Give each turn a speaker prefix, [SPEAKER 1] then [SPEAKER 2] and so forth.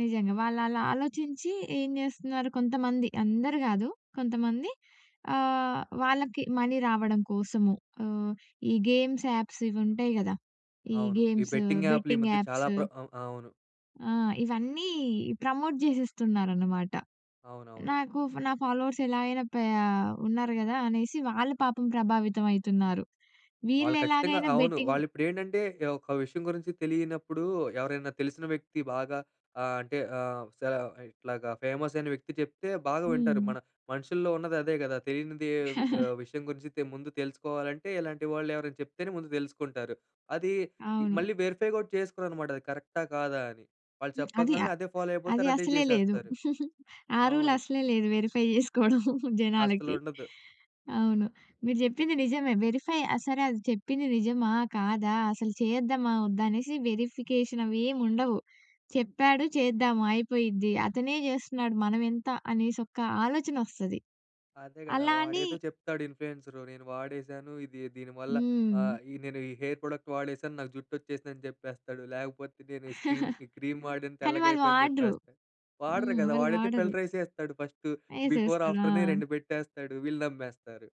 [SPEAKER 1] నిజంగా. వాళ్ళలా ఆలోచించి ఏం చేస్తున్నారు కొంతమంది అందరు కాదు. కొంతమంది. ఆహ్, వాళ్ళకి మనీ రావడం కోసము ఆహ్, ఈ గేమ్స్ యాప్స్ ఇవి ఉంటాయి కదా! ఈ
[SPEAKER 2] అవును. ఈ
[SPEAKER 1] గేమ్సు
[SPEAKER 2] బెట్టింగ్ యాప్‌లు ఈ
[SPEAKER 1] బెట్టింగ్
[SPEAKER 2] మధ్య చాలా
[SPEAKER 1] యాప్సు.
[SPEAKER 2] ప్ర ఆహ్, అవును.
[SPEAKER 1] ఆ! ఇవన్నీ ప్రమోట్ చేసేస్తున్నారనమాట.
[SPEAKER 2] అవునవును.
[SPEAKER 1] నాకు ఫ నా ఫాలోవర్స్ ఎలా అయినా ప్యా ఉన్నారు కదా! అనేసి వాళ్ళు పాపం ప్రభావితం అయితున్నారు.
[SPEAKER 2] వాళ్ళు ఖచ్చితంగా
[SPEAKER 1] వీళ్ళెలాగైనా
[SPEAKER 2] అవును.
[SPEAKER 1] బెట్టింగ్
[SPEAKER 2] వాళ్ళిప్పుడేంటంటే, ఒక విషయం గురించి తెలియనప్పుడు ఎవరైనా తెలిసిన వ్యక్తి బాగా ఆహ్, అంటే ఆహ్, సర ఇట్లాగా ఫేమస్ అయిన వ్యక్తి చెప్తే బాగా వింటారు.
[SPEAKER 1] హ్మ్.
[SPEAKER 2] మన మనుషుల్లో ఉన్నది అదే కదా! తెలియంది ఆహ్, విషయం గురించి తె ముందు తెలుసుకోవాలంటే ఇలాంటి వాళ్ళెవరైనా చెప్తేనే ముందు తెలుసుకుంటారు. అది
[SPEAKER 1] అవును.
[SPEAKER 2] మళ్ళీ వెరిఫై కూడా చేస్కొరన్నమాట. అది కరెక్టా కాదా అని. వాళ్ళు
[SPEAKER 1] హ్మ్. అది ఆ
[SPEAKER 2] చెప్పంగానే అదే ఫాలో
[SPEAKER 1] అది
[SPEAKER 2] అయిపోతారు అదే
[SPEAKER 1] అసలే లేదు.
[SPEAKER 2] చేసేస్తారు.
[SPEAKER 1] ఆ రూల్
[SPEAKER 2] అవును.
[SPEAKER 1] అసలే లేదు వెరిఫై చేసుకోవడం జనాలకి.
[SPEAKER 2] అస్సలుండద్దు.
[SPEAKER 1] అవును. మీరు చెప్పింది నిజమే. వెరిఫై సరే అది చెప్పింది నిజమా కాదా అసలు చేద్దామా వద్దా అనేసి వెరిఫికేషన్ అవేవ్ ఉండవు. చెప్పాడు చేద్దామా అయిపోయిద్ది అతనే చేస్తున్నాడు మనం ఎంత అనేసి ఒక ఆలోచన వస్తది.
[SPEAKER 2] అదే కదా!
[SPEAKER 1] అలా అని
[SPEAKER 2] వాడేదో చెప్తాడు ఇన్‌ఫ్లూయెన్సరు నేను వాడేశాను, ఇది దీనివల్ల
[SPEAKER 1] హ్మ్.
[SPEAKER 2] ఆహ్, ఈ నేను ఈ హెయిర్ ప్రొడక్ట్ వాడేశాను, నాకు జుట్టు వచ్చేసిందని చెప్పేస్తడు. లేకపోతే నేను ఈ స్క్రీం ఈ క్రీమ్ వాడన
[SPEAKER 1] కానీ వాళ్ళు
[SPEAKER 2] తెల్లగైపోయిందని
[SPEAKER 1] వాడరు.
[SPEAKER 2] చెప్పేస్తా వాడరు
[SPEAKER 1] హ్మ్.
[SPEAKER 2] కదా!
[SPEAKER 1] వాళ్ళు
[SPEAKER 2] వాడైతే
[SPEAKER 1] వాడరు.
[SPEAKER 2] ఫిల్టర్ ఎసేస్తడు ఫస్ట్. బిఫోర్
[SPEAKER 1] ఎసేస్తడు
[SPEAKER 2] ఆఫ్టర్‌నే
[SPEAKER 1] ఆ!
[SPEAKER 2] 2 పెట్టేస్తాడు వీళ్ళు నమ్మేస్తరు.